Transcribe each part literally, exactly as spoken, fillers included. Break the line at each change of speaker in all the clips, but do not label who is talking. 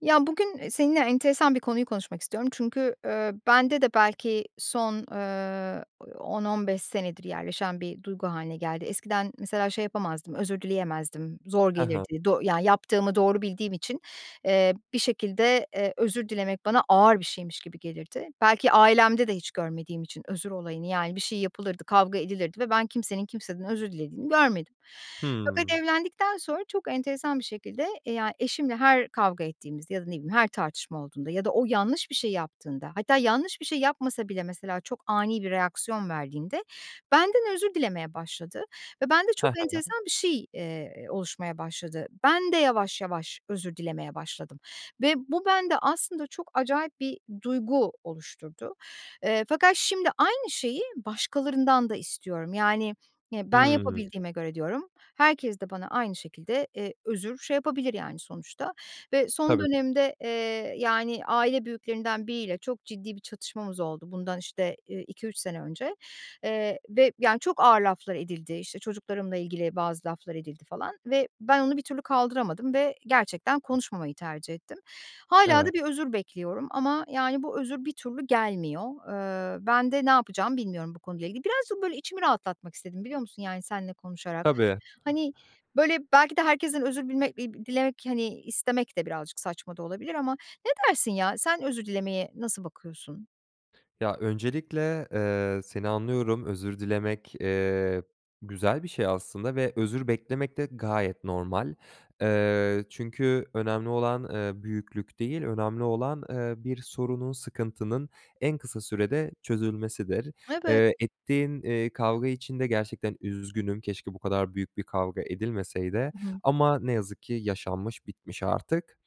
Ya, bugün, eee, seninle enteresan bir konuyu konuşmak istiyorum. Çünkü, ııı, bende de belki son, ııı, on on beş senedir yerleşen bir duygu hâline geldi. Eskiden mesela şey yapamazdım, özür dileyemezdim, zor
He he.
gelirdi, doğ Yani yaptığımı doğru bildiğim için, eee, bir şekilde, eee, özür dilemek bana ağır bir şeymiş gibi gelirdi. Belki ailemde de hiç görmediğim için özür olayını. Yani, bir şey yapılırdı, kavga edilirdi ve ben kimsenin kimseden özür dilediğini görmedim. Fakat
Hımm.
evlendikten sonra çok enteresan bir şekilde, eee, ya, eşimle her kavga ettiğimizde ya da ne bileyim her tartışma olduğunda ya da o yanlış bir şey yaptığında hatta yanlış bir şey yapmasa bile mesela çok ani bir reaksiyon verdiğinde benden özür dilemeye başladı ve bende
He
çok
he.
enteresan bir şey, eee, oluşmaya başladı. Ben de yavaş yavaş özür dilemeye başladım ve bu bende aslında çok acayip bir duygu oluşturdu. Eee, fakat şimdi aynı şeyi başkalarından da istiyorum. Yani, y "Ben
Hıı.
yapabildiğime göre" diyorum, "herkes de bana aynı şekilde, eee, özür şey yapabilir." yani sonuçta. Ve son
Tabii.
dönemde, eee, yani aile büyüklerinden biriyle çok ciddi bir çatışmamız oldu bundan, işte, eee, iki üç sene önce. Eee, ve yani çok ağır laflar edildi. İşte, çocuklarımla ilgili bazı laflar edildi falan ve ben onu bir türlü kaldıramadım ve gerçekten konuşmamayı tercih ettim. Hâlâ da
Evet.
bir özür bekliyorum ama, yani, bu özür bir türlü gelmiyor. Iıı, ben de ne yapacağımı bilmiyorum bu konuyla ilgili. Birazcık böyle içimi rahatlatmak istedim biliyor musun yani seninle konuşarak?
Tabii.
Hani, böyle, belki de herkesten özür bilme iii, dilemek, hani istemek de birazcık saçma da olabilir ama ne dersin ya? Sen özür dilemeye nasıl bakıyorsun?
Ya, öncelikle, eee, seni anlıyorum. Özür dilemek, eee, güzel bir şey aslında ve özür beklemek de gayet normal. Eee, çünkü önemli olan, eee, büyüklük değil, önemli olan, eee, bir sorunun, sıkıntının en kısa sürede çözülmesidir.
Evet.
Eee, ettiğin, eee, kavga için de gerçekten üzgünüm, keşke bu kadar büyük bir kavga edilmeseydi
I hı.
ama ne yazık ki yaşanmış, bitmiş artık.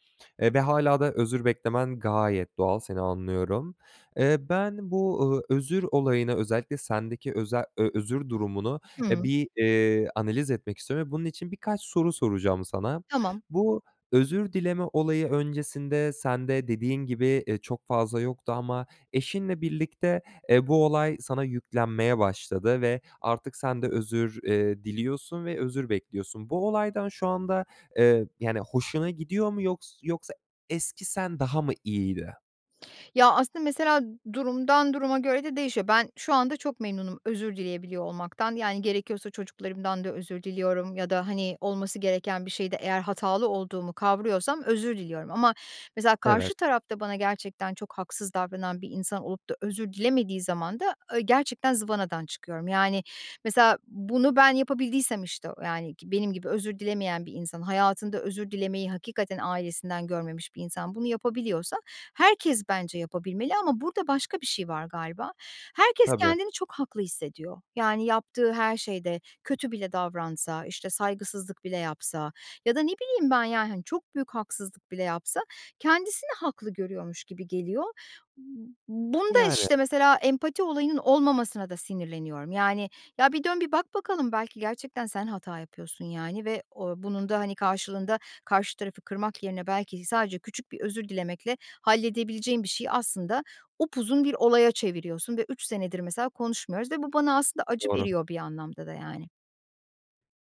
Eee, ve hâlâ da özür beklemen gayet doğal seni anlıyorum. Eee, ben bu, ııı, özür olayına özellikle sendeki öze ö özür durumunu, eee,
Hıı.
bir, eee, analiz etmek istiyorum ve bunun için birkaç soru soracağım sana.
Tamam.
Bu özür dileme olayı öncesinde sende dediğin gibi, eee, çok fazla yoktu ama eşinle birlikte, eee, bu olay sana yüklenmeye başladı ve artık sen de özür, eee, diliyorsun ve özür bekliyorsun. Bu olaydan şu anda eee, yani, hoşuna gidiyor mu yoks yoksa eski sen daha mı iyiydi?
Ya, aslında mesela durumdan duruma göre de değişiyor. Ben şu anda çok memnunum özür dileyebiliyor olmaktan yani gerekiyorsa çocuklarımdan da özür diliyorum ya da, hani, olması gereken bir şeyde eğer hatalı olduğumu kavrıyorsam özür diliyorum ama mesela karşı
Evet.
tarafta bana gerçekten çok haksız davranan bir insan olup da özür dilemediği zaman da, ııı, gerçekten zıvanadan çıkıyorum. Yani, mesela, bunu ben yapabildiysem, işte, o yani ki benim gibi özür dilemeyen bir insan, hayatında özür dilemeyi hakikaten ailesinden görmemiş bir insan bunu yapabiliyorsa herkes bence yapabilmeli ama burada başka bir şey var galiba. Herkes
Tabii.
kendini çok haklı hissediyor. Yani yaptığı her şeyde kötü bile davransa, işte, saygısızlık bile yapsa ya da ne bileyim ben, yani, hani, çok büyük haksızlık bile yapsa kendisini haklı görüyormuş gibi geliyor. Bunda
Yani.
işte mesela empati olayının olmamasına da sinirleniyorum. Yani, ya, bir dön bir bak bakalım belki gerçekten sen hata yapıyorsun, yani, ve, o bunun da, hani, karşılığında karşı tarafı kırmak yerine belki sadece küçük bir özür dilemekle halledebileceğin bir şeyi aslında upuzun bir olaya çeviriyorsun ve üç senedir mesela konuşmuyoruz ve bu bana aslında acı
Doğru.
veriyor bir anlamda da, yani.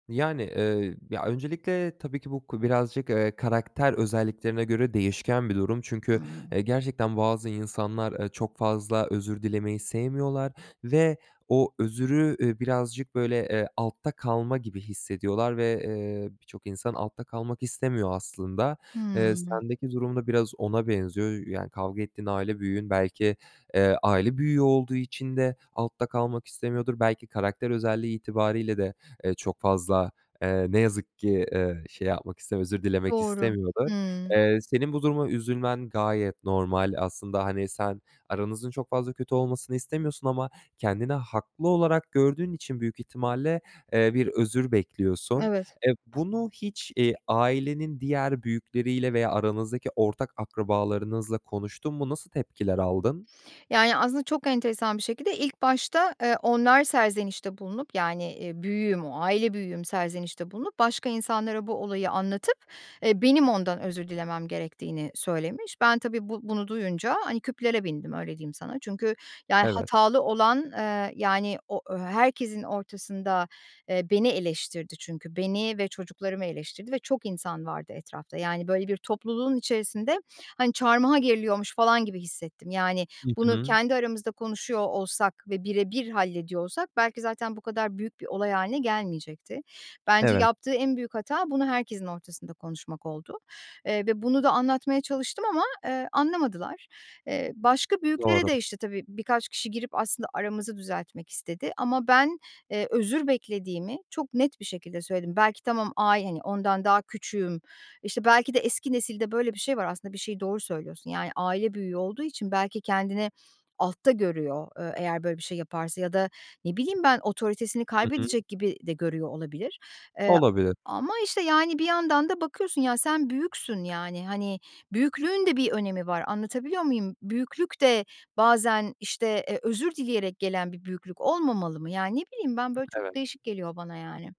Yani, eee, ya, öncelikle tabii ki bu ko birazcık, eee, karakter özelliklerine göre değişken bir durum
Hı
çünkü,
hı.
eee, gerçekten bazı insanlar, eee, çok fazla özür dilemeyi sevmiyorlar ve o özrü, ııı, birazcık böyle, eee, altta kalma gibi hissediyorlar ve, eee, birçok insan altta kalmak istemiyor aslında. Eee,
Hımm.
sendeki durum da biraz ona benziyor. Yö yani kavga ettiğin aile büyüğün belki, eee, aile büyüğü olduğu için de altta kalmak istemiyordur, belki karakter özelliği itibariyle de, eee, çok fazla, eee, ne yazık ki, eee, şey yapmak istemiyor özür dilemek
Doğru.
istemiyordur.
Hımm.
Eee, senin bu duruma üzülmen gayet normal, aslında, hani, sen aranızın çok fazla kötü olmasını istemiyorsun ama kendini haklı olarak gördüğün için büyük ihtimalle, eee, bir özür bekliyorsun.
Evet.
Eee, bunu hiç, eee, ailenin diğer büyükleriyle veya aranızdaki ortak akrabalarınızla konuştun mu? Nasıl tepkiler aldın?
Yani, aslında çok enteresan bir şekilde ilk başta, eee, onlar serzenişte bulunup yani, eee, büyüğüm o aile büyüğüm serzenişte bulunup başka insanlara bu olayı anlatıp, eee, benim ondan özür dilemem gerektiğini söylemiş. Ben tabii, bu bunu duyunca, hani, küplere bindim, öyle diyeyim sana. Çünkü yani
Evet.
hatalı olan, eee, yani o ö herkesin ortasında, eee, beni eleştirdi çünkü. Beni ve çocuklarımı eleştirdi ve çok insan vardı etrafta yani, böyle, bir topluluğun içerisinde, hani, çarmıha geriliyormuş falan gibi hissettim. Yani
Hı
bunu
hı.
kendi aramızda konuşuyor olsak ve bire bir hallediyor olsak belki zaten bu kadar büyük bir olay hâline gelmeyecekti. Bence
Evet.
yaptığı en büyük hata bunu herkesin ortasında konuşmak oldu. Eee, ve bunu da anlatmaya çalıştım ama, eee, anlamadılar. Eee, başka büyüklere
Doğru.
de, işte, tabii, birkaç kişi girip aslında aramızı düzeltmek istedi ama ben, eee, özür beklediğimi çok net bir şekilde söyledim. Belki tamam ay hani, ondan daha küçüğüm, işte, belki de eski nesilde böyle bir şey var aslında, bir şeyi Doğru söylüyorsun yani aile büyüğü olduğu için belki kendini altta görüyor, eee, eğer böyle bir şey yaparsa ya da ne bileyim ben otoritesini
Hı hı.
kaybedecek gibi de görüyor olabilir. Eee,
Olabilir.
ama, işte, yani, bir yandan da bakıyorsun, ya, sen büyüksün, yani, hani, büyüklüğün de bir önemi var anlatabiliyor muyum? Büyüklük de bazen, işte, eee, özür dileyerek gelen bir büyüklük olmamalı mı? Yani, ne bileyim ben, böyle çok
Evet.
değişik geliyor bana yani.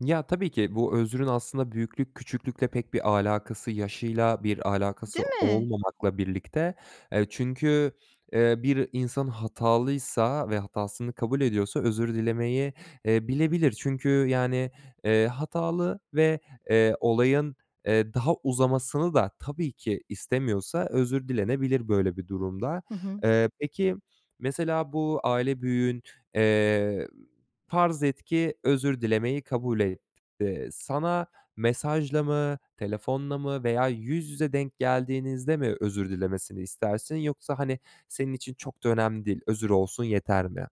Ya, tabii ki bu özrün aslında büyüklük küçüklükle pek bir alakası, yaşıyla bir
Değil
alakası
mi?
olmamakla birlikte Eee, çünkü, eee, bir insan hatalıysa ve hatasını kabul ediyorsa özür dilemeyi, eee, bilebilir. Çünkü, yani, eee, hatalı ve, eee, olayın, eee, daha uzamasını da tabii ki istemiyorsa özür dilenebilir böyle bir durumda.
Hı hı.
Eee, peki mesela bu aile büyüğün, eee, farz et ki özür dilemeyi kabul etti. Sana mesajla mı, telefonla mı veya yüz yüze denk geldiğinizde mi özür dilemesini istersin? Yoksa, hani, senin için çok da önemli değil, özür olsun yeter mi?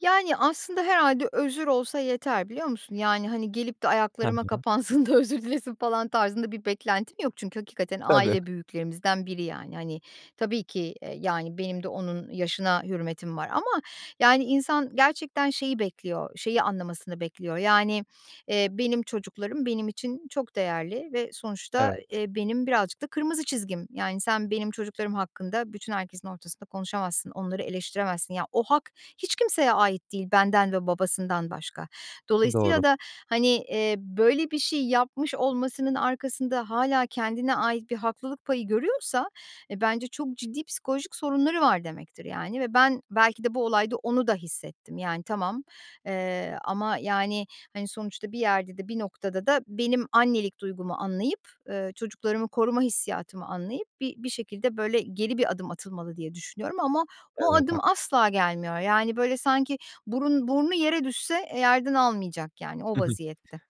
Yani aslında herhâlde özür olsa yeter biliyor musun? Yani, hani, gelip de
He
ayaklarıma
he.
kapansın da özür dilesin falan tarzında bir beklentim yok. Çünkü hakikaten
Tabii.
aile büyüklerimizden biri. Yani, hani, tabii ki, eee, yani benim de onun yaşına hürmetim var ama. Yani insan gerçekten şeyi bekliyor, şeyi anlamasını bekliyor. Yani, eee, benim çocuklarım benim için çok değerli ve sonuçta,
Evet.
eee, benim birazcık da kırmızı çizgim. Yani sen benim çocuklarım hakkında bütün herkesin ortasında konuşamazsın, onları eleştiremezsin. Ya, o hak hiç kimseye ait değil, benden ve babasından başka.
Doğru.
Dolayısıyla da, hani, eee, böyle bir şey yapmış olmasının arkasında hâlâ kendine ait bir haklılık payı görüyorsa, e, bence çok ciddi psikolojik sorunları var demektir, yani ve ben belki de bu olayda onu da hissettim. Yani tamam, eee, ama, yani, hani, sonuçta bir yerde de bir noktada da benim annelik duygumu anlayıp, ııı, çocuklarımı koruma hissiyatımı anlayıp bir bir şekilde, böyle, geri bir adım atılmalı, diye düşünüyorum ama o
Evet.
adım
Haklıs
asla gelmiyor. Yani, böyle, sanki burun, burnu yere düşse, e, yerden almayacak yani o
Hı hı.
vaziyette.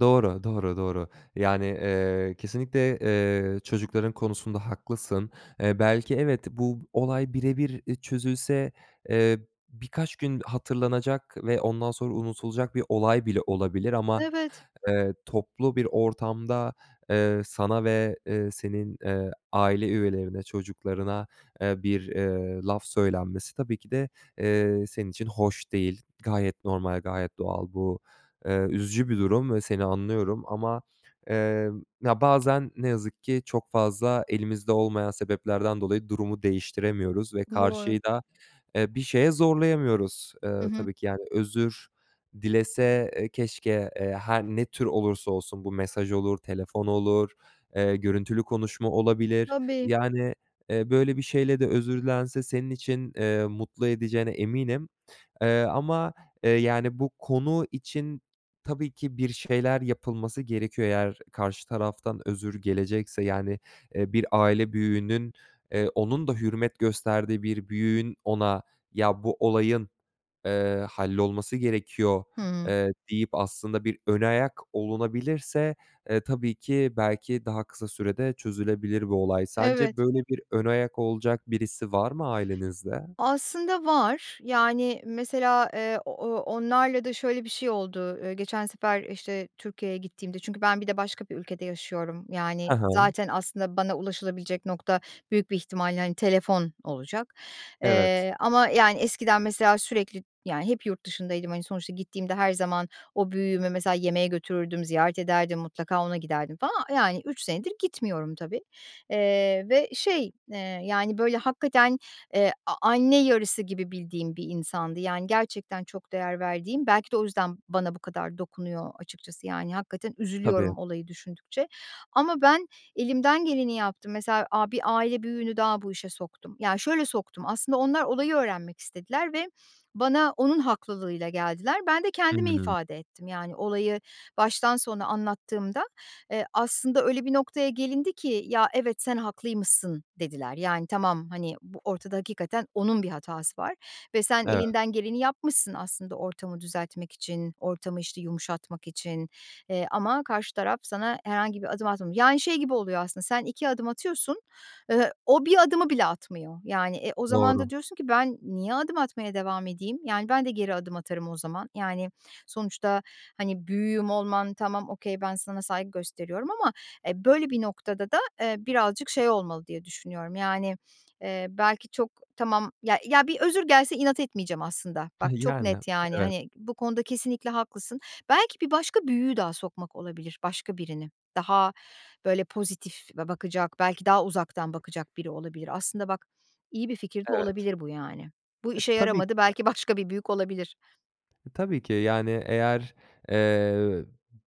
Doğru, doğru, doğru. Yani, eee, kesinlikle, eee, çocukların konusunda haklısın. Eee, belki evet, bu olay birebir e, çözülse, eee, birkaç gün hatırlanacak ve ondan sonra unutulacak bir olay bile olabilir. Ama,
Evet.
eee, toplu bir ortamda, eee, sana ve, eee, senin, eee, aile üyelerine, çocuklarına, eee, bir, ııı, laf söylenmesi tabii ki de, eee, senin için hoş değil. Gayet normal, gayet doğal. Bu, eee, üzücü bir durum ve seni anlıyorum ama, eee, ya, bazen ne yazık ki çok fazla elimizde olmayan sebeplerden dolayı durumu değiştiremiyoruz ve
Doğru.
karşıyı da, eee, bir şeye zorlayamıyoruz.
Hı
Iıı,
hı.
tabii ki, yani özür dilese, eee, keşke, eee, her ne tür olursa olsun bu mesaj olur, telefon olur, eee, görüntülü konuşma olabilir.
Tabii.
Yani, eee, böyle bir şeyle de özür dilense senin için, eee, mutlu edeceğine eminim. Eee, ama, eee, yani bu konu için tabii ki bir şeyler yapılması gerekiyor. Eğer karşı taraftan özür gelecekse, yani, eee, bir aile büyüğünün, eee, onun da hürmet gösterdiği bir büyüğün ona, "Ya, bu olayın, eee, hallolması gerekiyor."
Hıı.
eee, deyip aslında bir ön ayak olunabilirse, eee, tabii ki belki daha kısa sürede çözülebilir bu olay. Sence
Evet.
böyle bir ön ayak olacak birisi var mı ailenizde?
Aslında var. Yani mesela, eee, o o onlarla da şöyle bir şey oldu. Eee, geçen sefer, işte, Türkiye'ye gittiğimde Çünkü ben bir de başka bir ülkede yaşıyorum, yani
He he.
zaten aslında bana ulaşılabilecek nokta büyük bir ihtimalle, hani, telefon olacak.
Evet.
Eee, ama yani eskiden mesela sürekli Yani hep yurt dışındaydım, hani sonuçta gittiğimde her zaman o büyüğümü mesela yemeğe götürürdüm, ziyaret ederdim, mutlaka ona giderdim falan. Yani üç senedir gitmiyorum tabii. Eee, ve şey, eee, yani böyle hakikaten, eee, a anne yarısı gibi bildiğim bir insandı. Yani gerçekten çok değer verdiğim. Belki de o yüzden bana bu kadar dokunuyor açıkçası yani hakikaten
Tabii.
üzülüyorum olayı düşündükçe. Ama ben elimden geleni yaptım. Mesela, aaa, bir aile büyüğünü daha bu işe soktum. Ya, şöyle soktum. Aslında onlar olayı öğrenmek istediler ve bana onun haklılığıyla geldiler. Ben de
Hı
kendimi
hı.
ifade ettim yani olayı baştan sona anlattığımda, eee, aslında öyle bir noktaya gelindi ki, "Ya, evet, sen haklıymışsın." dediler. Yani tamam, hani, bu ortada hakikaten onun bir hatası var ve sen
Evet.
elinden geleni yapmışsın aslında ortamı düzeltmek için ortamı, işte, yumuşatmak için, eee, ama karşı taraf sana herhangi bir adım atmamı Yani şey gibi oluyor aslında sen iki adım atıyorsun, ııı, o bir adımı bile atmıyor. Yani e, o zaman
Doğru.
da diyorsun ki, "Ben niye adım atmaya devam edeyim?" Yani, ben de geri adım atarım o zaman. Yani sonuçta, hani, büyüğüm olman tamam, okay. Ben sana saygı gösteriyorum ama e, böyle bir noktada da, eee, birazcık şey olmalı, diye düşünüyorum. Yani, eee, belki çok tamam Ya ya bir özür gelse inat etmeyeceğim aslında. Bak, çok
Yani.
net, yani,
Evet.
hani bu konuda kesinlikle haklısın. Belki bir başka büyüğü daha sokmak olabilir, başka birini. Daha böyle pozitif ba bakacak, belki daha uzaktan bakacak biri olabilir. Aslında bak iyi bir fikir de
Evet.
olabilir bu yani. Bu
E,
işe
tabii
yaramadı,
ki.
belki başka bir büyük olabilir.
E, tabii ki. Yani eğer, eee, b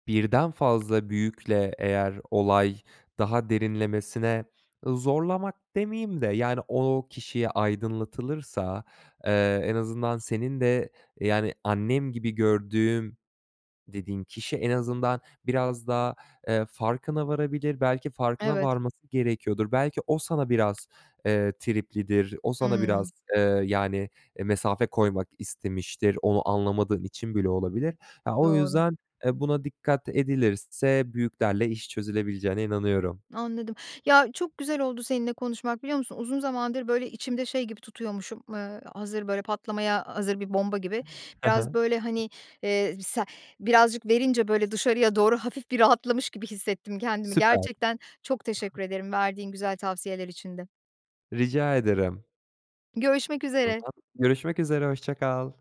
birden fazla büyükle eğer olay daha derinlemesine Iıı, zorlamak demeyeyim de yani o kişiye aydınlatılırsa, eee, en azından senin de yani, "Annem gibi gördüğüm." dediğin kişi en azından biraz da, eee, farkına varabilir. Belki farkına
Evet.
varması gerekiyordur, belki o sana biraz, eee, triplidir. O sana biraz,
Hımm.
eee, yani, e, mesafe koymak istemiştir, onu anlamadığın için bile olabilir. A, o
Doğru.
yüzden e, buna dikkat edilirse büyüklerle iş çözülebileceğine inanıyorum.
Anladım. Ya, çok güzel oldu seninle konuşmak biliyor musun? Uzun zamandır, böyle, içimde şey gibi tutuyormuşum. Iıı, hazır, böyle patlamaya hazır bir bomba gibi,
He he.
biraz, böyle, hani, eee, b se birazcık verince böyle dışarıya doğru, hafif bir rahatlamış gibi hissettim kendimi.
Süper.
Gerçekten çok teşekkür ederim, verdiğin güzel tavsiyeler için de.
Rica ederim.
Görüşmek
O
üzere.
zaman. Görüşmek üzere. Hoşça kal.